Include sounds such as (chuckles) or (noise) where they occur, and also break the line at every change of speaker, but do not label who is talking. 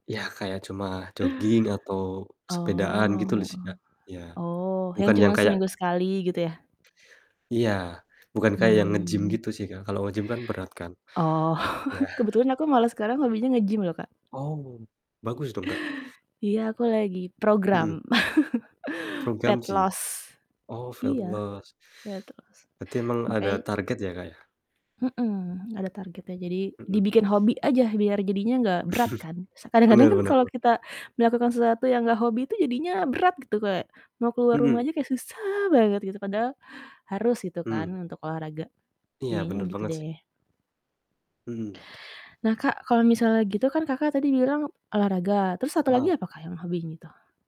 Iya, kayak cuma jogging atau sepedaan gitu
Oh,
lu si, Kak. Iya,
oh, yang
bukan yang
cuman
kayak
seminggu sekali, gitu ya?
Iya, bukan kayak yang nge-gym
Mmm.
gitu sih Kak, kalau nge-gym kan berat kan.
Oh.
Iya.
(chuckles) Kebetulan aku malah sekarang hobinya nge-gym loh, Kak.
Oh, bagus dong, Kak?
Iya aku lagi program,
Mhm.
(chuckles)
Program
fat
gym?
loss.
Oh, fat
Iya,
loss.
fat loss.
Berarti emang ada
Makanya
target ya, Kak, ya?
Mhm, ada targetnya jadi
Mhm.
dibikin hobi aja, biar jadinya nggak berat kan, se
(chuckles)
kadang-kadang
Benar
kan
benar
kalau
bener.
kita melakukan sesuatu yang nggak hobi itu jadinya berat gitu, kayak mau keluar rumah
Mhm.
aja kayak susah banget gitu. Padahal harus gitu kan,
Mmm.
untuk olahraga,
Iya,
jadinya
benar
gitu
banget si
deh.
Mhm.
Nah Kak, kalau misalnya gitu kan Kakak, tadi bilang olahraga, terus 1 lagi
Orang
apa Kak, yang hobinya itu?